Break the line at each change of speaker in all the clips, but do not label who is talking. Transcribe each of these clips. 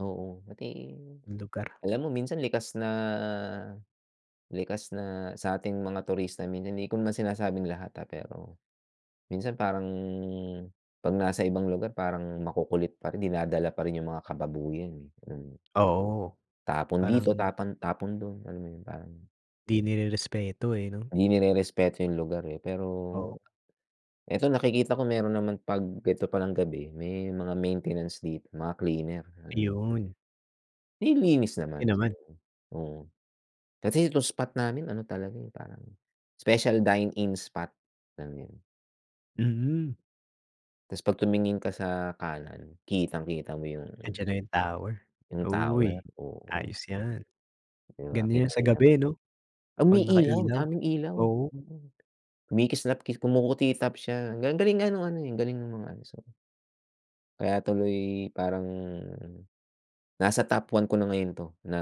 Oo, pati,
Lugar.
alam mo minsan likas na likas na sa ating mga turista minsan hindi ko naman sinasabing lahat ah, pero minsan parang 'pag nasa ibang lugar parang makukulit pa rin, dinadala pa rin 'yung mga kababuyan eh, mm.
Oo,
Tapon
parang
dito, tapon tapon doon. Alam mo 'yun, parang
'Di nirespeto eh, 'no.
'Di nirerespeto 'yung lugar eh, pero,
Oo.
eto nakikita ko, meron naman 'pag eto palang gabi, may mga maintenance dito, mga cleaner. Alam mo 'yun.
Ayun.
Nililinis
Okey
naman
naman.
so, oo. Kasi itong spot namin ano talaga eh, parang special dine-in spot namin.
Mm.
'Tas 'pag tumingin ka sa kanan, kitang-kita mo 'yun, oo.
Andiyan na 'yung tower.
'Yung tower,
Uy,
oo.
ayos 'yan!
'Di ba
Ganda niyan sa
kitang-kita mo
gabi,
talaga.
'no, 'pag
Umiilaw,
nakailaw.
daming ilaw,
Oo.
mm. Kumikislapkis kumukutitap siya. Galing ang galing nga ng ano eh, ang galing ng mga ano, so Kaya tuloy parang, nasa top 1 ko na ngayon 'to na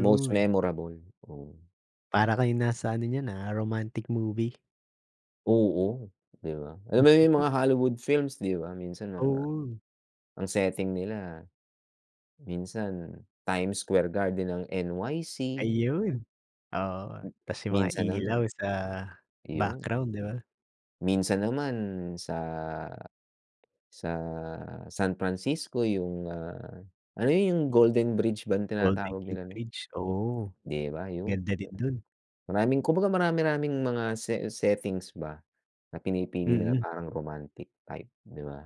most memorable, oo.
Para kayong nasa ano niyan ah, romantic movie.
Oo, 'di ba. Alam mo 'yung mga Hollywood films 'di ba minsan mga
Oo.
ang setting nila, minsan, Times Square Garden ng NYC.
Ayun, oo, tas 'yung mga
Minsan naman,
ilaw sa
'yon.
background, 'di ba.
Minsan naman sa sa San Francisco, 'yung, ah, ano 'yun 'yung Golden Bridge bang
Golden
tinatawag
Gate
nila nun?
Bridge, oo.
'Di ba 'yun,
Ganda rin dun.
maraming kumbaga marami-raming mga settings ba na pinipili nila
Mm.
parang romantic type, 'di ba.